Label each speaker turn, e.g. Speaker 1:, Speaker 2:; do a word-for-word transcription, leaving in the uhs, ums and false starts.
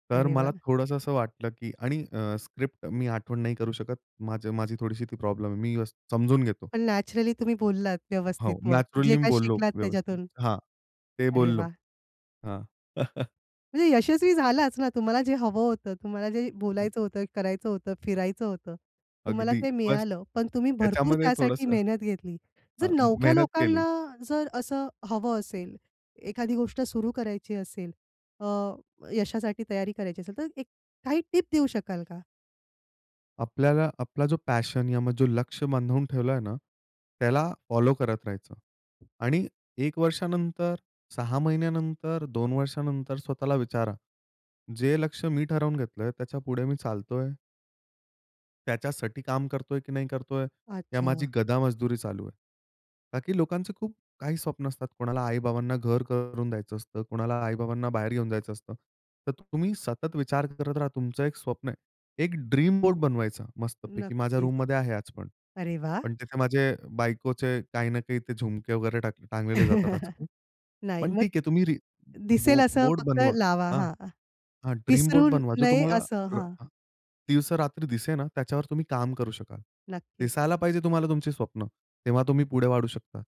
Speaker 1: तर
Speaker 2: अरे
Speaker 1: मला
Speaker 2: वाह!
Speaker 1: थोडंसं असं वाटलं, की आणि अ, स्क्रिप्ट मी आठवण नाही करू शकत. माझं माझी थोडीशी ती प्रॉब्लेम आहे. मी अ, समजून घेतो.
Speaker 2: पण नॅचरली तुम्ही बोललात व्यवस्थित
Speaker 1: हो,
Speaker 2: मग. जे
Speaker 1: नॅचरली मी
Speaker 2: काही
Speaker 1: बोललो
Speaker 2: शिकलात
Speaker 1: व्यवस्थित.
Speaker 2: त्याच्यातून.
Speaker 1: हां, ते
Speaker 2: अरे
Speaker 1: बोललो.
Speaker 2: वाह!
Speaker 1: हां.
Speaker 2: म्हणजे यशस्वी झालाच ना. तुम्हाला जे हवं होतं, तुम्हाला जे
Speaker 1: हं.
Speaker 2: बोलायचं होतं, करायचं होतं, फिरायचं होतं. तुम्हाला
Speaker 1: अगदी
Speaker 2: ते
Speaker 1: बस
Speaker 2: मिळालं पण तुम्ही भरपूर
Speaker 1: ह्याच्यामध्ये
Speaker 2: त्यासाठी
Speaker 1: थोडंसं
Speaker 2: मेहनत घेतली.
Speaker 1: हां,…
Speaker 2: जर
Speaker 1: म
Speaker 2: नवख्या
Speaker 1: मेहनत केली.
Speaker 2: लोकांना जर असं हवं असेल, एखादी गोष्ट सुरू करायची असेल अ, यशासाठी तयारी करायची असेल, तर एक काही टिप देऊ शकाल का?
Speaker 1: आपल्याला आपला जो पॅशन या मग जो लक्ष्य बांधून ठेवलंय ना त्याला फॉलो करत राहायचं. आणि एक वर्षानंतर, सहा महिन्यानंतर, दोन वर्षानंतर स्वतःला विचारा, जे लक्ष्य मी ठरवून घेतलंय त्याच्यापुढे मी चालतोय? त्याच्यासाठी काम करतोय की नाही करतोय? या माझी
Speaker 2: अच्छा.
Speaker 1: गधा मजदुरी चालू आहे. का की लोकांचे खूप काही स्वप्न असतात. कोणाला आई-बाबांना घर करून द्यायचं असतं, कोणाला आई-बाबांना बाहेर घेऊन जायचं असतं. तर तुम्ही सतत विचार करत राहा तुमचं एक स्वप्न आहे. एक ड्रीम बोर्ड बनवायचा मस्तपैकी. माझ्या
Speaker 2: नक्कीच.
Speaker 1: रूममध्ये आहे आज पण.
Speaker 2: अरे वाह!
Speaker 1: पण तिथे माझे बायकोचे काही ना काही ते झुमके वगैरे टा टांगलेले जातात आजकाल.
Speaker 2: नाही.
Speaker 1: पण
Speaker 2: मग
Speaker 1: ठीक आहे तुम्ही री
Speaker 2: दिसेल
Speaker 1: बो
Speaker 2: असं
Speaker 1: बोर्ड
Speaker 2: फक्त
Speaker 1: बनवा.
Speaker 2: लावा.
Speaker 1: हां.
Speaker 2: हां.
Speaker 1: हां, ड्रीम
Speaker 2: विसरू
Speaker 1: बोर्ड बनवा. जो
Speaker 2: नये
Speaker 1: तुम्हाला
Speaker 2: असं. हां.
Speaker 1: रा दिवस-रात्री दिसेल ना त्याच्यावर तुम्ही काम करू शकाल.
Speaker 2: नक्कीच.
Speaker 1: दिसायला पाहिजे तुम्हाला तुमची स्वप्न. तेव्हा तुम्ही पुढे वाढू शकता.